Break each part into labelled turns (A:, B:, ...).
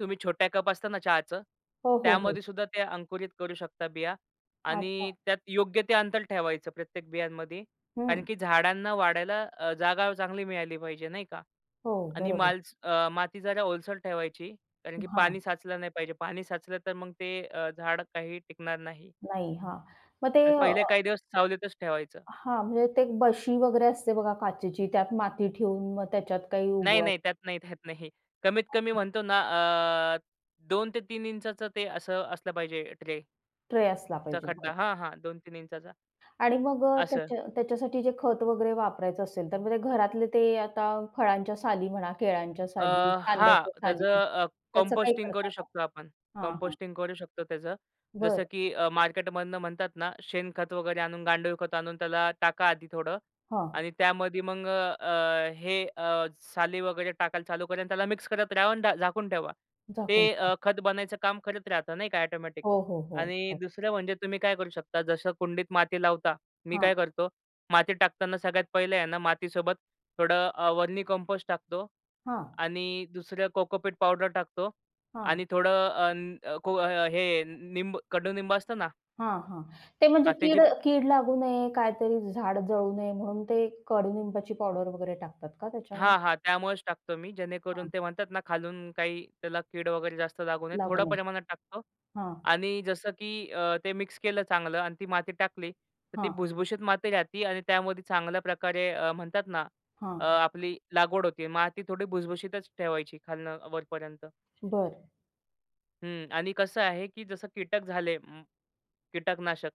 A: तुम्ही छोट्या कप असत ना, चहाचं,
B: हो, हो, हो.
A: त्यामध्येसुद्धा ते अंकुरित करू शकता बिया आणि
B: अच्छा.
A: त्यात योग्य ते अंतर ठेवायचं प्रत्येक बियांमध्ये कारण
B: हं.
A: की झाडांना वाढायला अ, जागा चांगली मिळाली पाहिजे नाही का
B: हो,
A: आणि
B: बरोबर.
A: माल अ, माती जरा ओलसर ठेवायची कारण की
B: हां.
A: पाणी साचलं नाही पाहिजे. पाणी साचलं तर मग अ, ते झाड काही टिकणार नाही.
B: नाही. हां, मग ते अ
A: पहिले काही दिवस सावलीतच ठेवायचं.
B: हां. म्हणजे ते बशी वगैरे असते बघा काचेची, त्यात माती ठेऊन मग त्याच्यात काही
A: नाही,
B: उगव
A: नाही. त्यात नाही, त्यात नाही. कमीत कमी म्हणतो ना, अ, 2" to 3" ते असं असलं पाहिजे ट्रे
B: ट्रे असला
A: चा
B: पाहिजे.
A: खड्डा
B: [unintelligible]
A: हां, हां. 2" 3"
B: आणि मग अ,
A: असं.
B: त्याच्या त्याच्यासाठी जे खत वगैरे वापरायचं असेल, तर म्हणजे घरातले ते आता फळांच्या साली म्हणा, केळाच्या
A: अ,
B: साली,
A: हां,
B: कांद्याच्या
A: त्याच
B: साली,
A: अ,
B: त्याचं काही
A: कंपोस्टिंग
B: करता
A: करू
B: मग?
A: शकतो आपण.
B: हां, हां.
A: कंपोस्टिंग करू शकतो त्याचं.
B: बरं.
A: जसं की अ, मार्केटमधनं म्हणतात ना, शेणखत वगैरे आणून, गांडूळखत आणून त्याला टाका आधी थोडं
B: हां.
A: आणि त्यामध्ये मग अ, अ, हे अ, साली वगैरे टाकायला चालू करा आणि त्याला मिक्स करत राहा अन् डा झाकून ठेवा.
B: झाकून
A: ते
B: ठेवा.
A: अ, खत बनायचं काम करत राहत नाही का ऑटोमॅटिक.
B: हो, हो, हो,
A: आणि
B: हो.
A: दुसरं म्हणजे तुम्ही काय करू शकता. जसं कुंडीत माती लावता, मी काय
B: हां.
A: करतो माती टाकताना सगळ्यात पहिलं आहे ना, मातीसोबत थोडं अ, वर्मी कंपोस्ट टाकतो
B: हां.
A: आणि दुसरं कोकोपीट पावडर टाकतो
B: हां.
A: आणि थोडं अन अ, को अ, हे निंब कडू निंब असतं ना
B: हां, हां. ते म्हणजे
A: हां, त्याची
B: कीड अ, कीड लागू नये, काहीतरी झाड जळू नये, म्हणून ते कडूनिंबाची पावडर वगैरे टाकतात का
A: हां,
B: त्याच्यामध्ये?
A: हां. त्यामुळेच टाकतो मी. जेणेकरून
B: हां.
A: ते म्हणतात ना, खालून काही त्याला कीड वगैरे जास्त लागू नये.
B: लागू
A: थोडं
B: नये.
A: प्रमाणात टाकतो
B: हां.
A: आणि जसं की अ, ते मिक्स केलं चांगलं आणि ती माती टाकली, तर ती
B: हां.
A: भुसभुशीत माती राहती आणि त्यामध्ये चांगल्या प्रकारे अ, म्हणतात ना, अ,
B: हां.
A: आपली लागवड होते. माती थोडी भुसभुशीतच ठेवायची खालनं वरपर्यंत.
B: बरं.
A: हं आणि कसं आहे की जसं कीटक झाले कीटकनाशक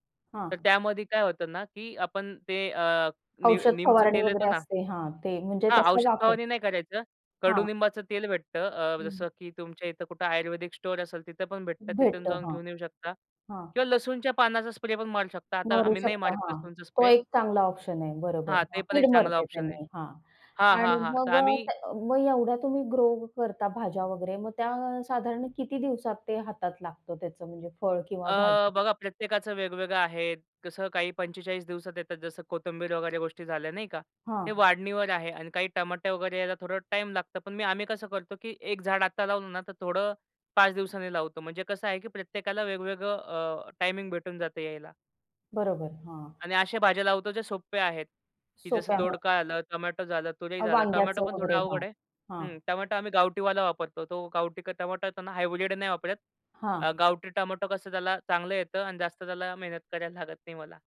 A: तर
B: हां.
A: त्यामध्ये काय होतं ना, की आपण ते अ, नीम
B: औषध
A: नीमचं
B: फवारणी
A: तेल
B: वगैरे
A: येतं ना
B: असते. हां, ते म्हणजे
A: हां,
B: तसा
A: औषध
B: वापर
A: फवारणी नाही करायचं.
B: हां.
A: कडूनिंबाचं तेल भेटतं अ,
B: हं.
A: जसं की तुमच्या इथं कुठं आयुर्वेदिक स्टोअर असेल, तिथं पण भेटतं. तिथून
B: भेटतं
A: जाऊन
B: हां,
A: घेऊन येऊ शकता
B: हां.
A: किंवा लसूणच्या पानाचा स्प्रे पण मारू शकता. आता
B: मरू
A: आम्ही नाही
B: शकता.
A: मारत
B: हां,
A: लसूणचा
B: तो
A: स्प्रे.
B: एक चांगला ऑप्शन आहे. बरोबर.
A: हां. ते
B: हां,
A: पण एक
B: कीड
A: चांगला
B: मरते
A: ऑप्शन आहे.
B: त्यांनी, हां
A: हां, हां,
B: आणि
A: हां. तर
B: मग अ,
A: आम्ही
B: त्या मग एवढ्या तुम्ही ग्रो करता भाज्या वगैरे. मग त्या साधारण किती दिवसात ते हातात लागतं त्याचं म्हणजे फळ किंवा
A: अ,
B: भाजी?
A: बघा प्रत्येकाच वेगवेगळं आहे. कसं काही 45 दिवसात येतात. जसं कोथिंबीर वगैरे गोष्टी झाल्या नाही का. ते
B: हां.
A: वाढणीवर आहे आणि काही टमाटे वगैरे यायला थोडा टाईम लागतं, पण मी आम्ही कसं करतो की 1 झाड आता लावलं ना, तर थोडं 5 दिवसांनी लावतो म्हणजे कसं आहे की प्रत्येकाला वेगवेगळं अ, टायमिंग भेटून जातं यायला.
B: बरोबर हां.
A: आणि अशा भाज्या लावतो जे सोप्या आहेत, की जसं
B: सोप्या [unintelligible]
A: दोडका झालं, टोमॅटो झालं, तुरी
B: अ,
A: झालं, टोमॅटो
B: वांग्याचं
A: पण थोडं
B: वगैरे. हां,
A: अवघड आहे. हं.
B: हां.
A: टोमॅटो आम्ही गावठीवाला वापरतो. तो गावठी का टोमॅटो त्यांना हायब्रिड नाही वापरत. अ,
B: हां.
A: गावठी टोमॅटो कसं त्याला चांगलं येतं आणि जास्त त्याला मेहनत करायला लागत नाही मला.